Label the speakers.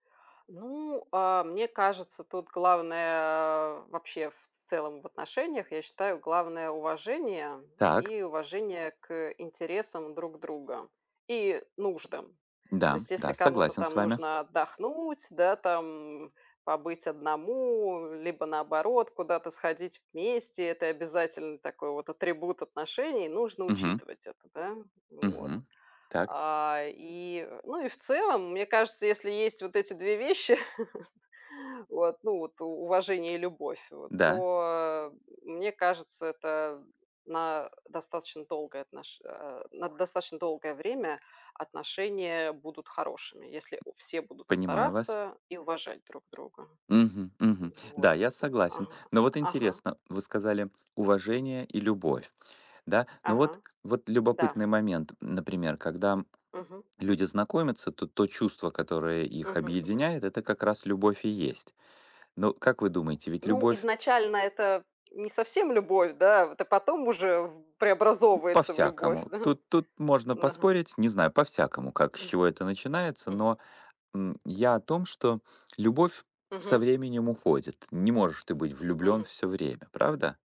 Speaker 1: Ну, а, мне кажется, тут главное вообще, в целом в отношениях, я считаю, главное- уважение
Speaker 2: Так.
Speaker 1: и уважение к интересам друг друга, и нуждам. То
Speaker 2: Да,
Speaker 1: есть, если
Speaker 2: да,
Speaker 1: кому-то
Speaker 2: согласен с
Speaker 1: там
Speaker 2: вами.
Speaker 1: нужно отдохнуть, да, там, побыть одному, либо, наоборот, куда-то сходить вместе, это обязательный такой вот атрибут отношений, нужно
Speaker 2: Мгм.
Speaker 1: учитывать это, да. Вот,
Speaker 2: Мгм. Так.
Speaker 1: а, и, ну, и в целом, мне кажется, если есть вот эти 2 вещи, вот, ну вот у уважение и любовь вот,
Speaker 2: Да.
Speaker 1: то, мне кажется, это на достаточно долгое отнош а, на достаточно долгое время отношения будут хорошими, если у все будут
Speaker 2: Понимаю вас.
Speaker 1: стараться и уважать друг друга.
Speaker 2: Мгм. Мгм.
Speaker 1: Вот,
Speaker 2: Да, я
Speaker 1: а
Speaker 2: согласен.
Speaker 1: ага.
Speaker 2: Но вот
Speaker 1: Ага.
Speaker 2: интересно. Вы сказали: уважение и любовь, Да? Но вот,
Speaker 1: Ага.
Speaker 2: вот
Speaker 1: Да.
Speaker 2: любопытный момент, м. Например, когда
Speaker 1: Мгм.
Speaker 2: люди знакомятся, то то чувство, которое их
Speaker 1: Мгм. Мгм.
Speaker 2: объединяет, это как раз любовь и есть. Но как вы думаете, ведь
Speaker 1: Ну,
Speaker 2: любовь
Speaker 1: изначально это не совсем любовь, да? Вот, а потом уже в преобразовывается в любовь,
Speaker 2: По-всякому.
Speaker 1: да? М,
Speaker 2: Тут тут можно
Speaker 1: ага.
Speaker 2: поспорить. Не знаю, по-всякому, как, с
Speaker 1: М.
Speaker 2: чего это начинается.
Speaker 1: Мгм.
Speaker 2: Но, м, я о том, что любовь со
Speaker 1: Мгм.
Speaker 2: временем уходит. Не можешь ты быть влюблен
Speaker 1: Мгм.
Speaker 2: всё время, правда?